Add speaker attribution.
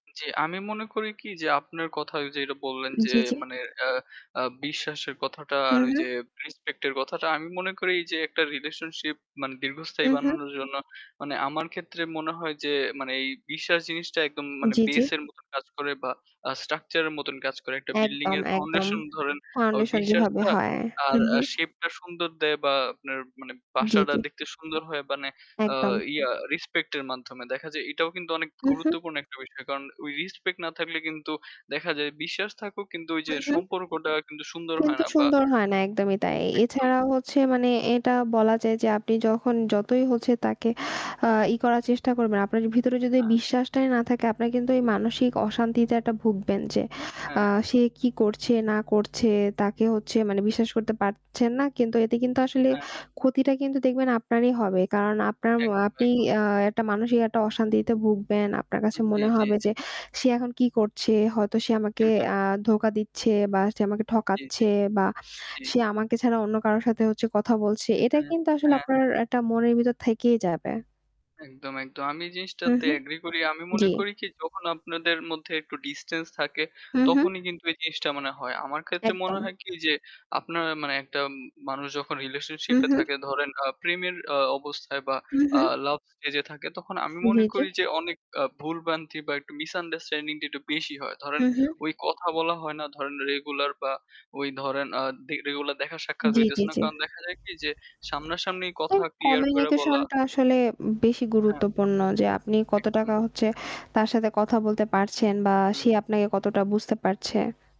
Speaker 1: জি। আমি মনে করি কি যে আপনার কথা ওই যে ওটা বললেন যে
Speaker 2: জি, জি।
Speaker 1: মানে আ আ বিশ্বাসের কথাটা
Speaker 2: হু,
Speaker 1: আর ওই
Speaker 2: হু।
Speaker 1: যে রেসপেক্ট এর কথাটা আমি মনে করি যে একটা রিলেশনশিপ মানে দীর্ঘস্থায়ী
Speaker 2: হু, হু।
Speaker 1: বানানোর জন্য মানে আমার ক্ষেত্রে মনে হয় যে এই বিশ্বাস জিনিসটা একদম মানে
Speaker 2: জি, জি।
Speaker 1: base এর মত কাজ করে বা আ structure এর মতন কাজ করে। একটা বিল্ডিং
Speaker 2: একদম,
Speaker 1: এর
Speaker 2: একদম।
Speaker 1: ফাউন্ডেশন ধরেন আ
Speaker 2: ফাউন্ডেশন যেভাবে
Speaker 1: বিশ্বাসটা
Speaker 2: হয়। হু,
Speaker 1: আর আ
Speaker 2: হু।
Speaker 1: shape টা সুন্দর দে বা আপনার মানে
Speaker 2: জি,
Speaker 1: বাসাটা
Speaker 2: জি।
Speaker 1: দেখতে সুন্দর হয় মানে আ
Speaker 2: একদম।
Speaker 1: ইয়া রেসপেক্ট এর মাধ্যমে দেখা যায় এটাও কিন্তু অনেক
Speaker 2: হু, হু।
Speaker 1: গুরুত্বপূর্ণ একটা বিষয়। কারণ ওই রেসপেক্ট না থাকলে কিন্তু দেখা যায় বিশ্বাস থাকুক কিন্তু ওই যে
Speaker 2: হুম, হু।
Speaker 1: সম্পর্কটা কিন্তু সুন্দর হয়
Speaker 2: কিন্তু
Speaker 1: না বা
Speaker 2: সুন্দর হয় না একদমই তাই।
Speaker 1: একদম।
Speaker 2: এছাড়াও হচ্ছে মানে এটা বলা যায় যে আপনি যখন যতই হচ্ছে তাকে ই করার চেষ্টা করবেন। আপনার ভিতরে যদি
Speaker 1: হ্যাঁ।
Speaker 2: বিশ্বাসটাই না থাকে আপনারা কিন্তু এই মানসিক অশান্তিতে একটা ভুগবেন যে।
Speaker 1: হ্যাঁ,
Speaker 2: আ
Speaker 1: হ্যাঁ।
Speaker 2: সে কি করছে না করছে তাকে হচ্ছে মানে বিশ্বাস করতে পারছেন না। কিন্তু এতে কিন্তু আসলে
Speaker 1: হ্যাঁ, হ্যাঁ।
Speaker 2: ক্ষতিটা কিন্তু দেখবেন আপনারই হবে। কারণ আপনার ম
Speaker 1: একদম,
Speaker 2: আপনি
Speaker 1: একদম।
Speaker 2: আ একটা মানুষিক একটা অশান্তিতে ভুগবেন আপনার কাছে
Speaker 1: জি,
Speaker 2: মনে
Speaker 1: জি,
Speaker 2: হবে
Speaker 1: জী।
Speaker 2: যে সে এখন কি করছে হয়তো সে আমাকে
Speaker 1: হু, হু।
Speaker 2: আ ধোঁকা দিচ্ছে বা সে আমাকে
Speaker 1: জি, জি।
Speaker 2: ঠকাচ্ছে বা
Speaker 1: জি।
Speaker 2: সে আমাকে ছাড়া অন্য কারো সাথে হচ্ছে কথা বলছে। এটা
Speaker 1: হুম,
Speaker 2: কিন্তু আসলে
Speaker 1: হ্যাঁ।
Speaker 2: আপনার একটা মনের ভিতর থেকেই যাবে।
Speaker 1: একদম, একদম। আমি
Speaker 2: হু,
Speaker 1: জিনিসটাতে
Speaker 2: হু।
Speaker 1: এগ্রি করি। আমি মনে
Speaker 2: জি।
Speaker 1: করি কি যখন আপনাদের মধ্যে একটু ডিসট্যান্স থাকে
Speaker 2: হু, হু।
Speaker 1: তখনই কিন্তু এই জিনিসটা মানে হয়। আমার ক্ষেত্রে মনে
Speaker 2: একদম।
Speaker 1: হয় কি যে আপনার মানে একটা মানুষ যখন
Speaker 2: হু,
Speaker 1: রিলেশনশিপ এ
Speaker 2: হু।
Speaker 1: থাকে ধরেন আ প্রেমের আ অবস্থায় বা
Speaker 2: হু, হু।
Speaker 1: আ লাভ স্টেজ থাকে তখন আমি মনে
Speaker 2: জি, জি।
Speaker 1: করি যে অনেক আ ভুল ভ্রান্তি বা একটু misunderstanding টা একটু বেশি হয়। ধরেন
Speaker 2: হু, হু।
Speaker 1: ওই কথা বলা হয় না, ধরেন রেগুলার বা ওই ধরেন আ দে রেগুলার দেখা সাক্ষাৎ
Speaker 2: জি, জি,
Speaker 1: হইতেছে না।
Speaker 2: জি।
Speaker 1: কারণ দেখা যায় কি যে সামনাসামনি কথা
Speaker 2: এই
Speaker 1: ক্লিয়ার করে
Speaker 2: কমিউনিকেশন
Speaker 1: বলা
Speaker 2: টা আসলে বেশি
Speaker 1: হ্যাঁ।
Speaker 2: গুরুত্বপূর্ণ যে আপনি কত
Speaker 1: একদম।
Speaker 2: টাকা হচ্ছে তার সাথে কথা বলতে পারছেন বা সে
Speaker 1: হুম।
Speaker 2: আপনাকে কতটা বুঝতে পারছে।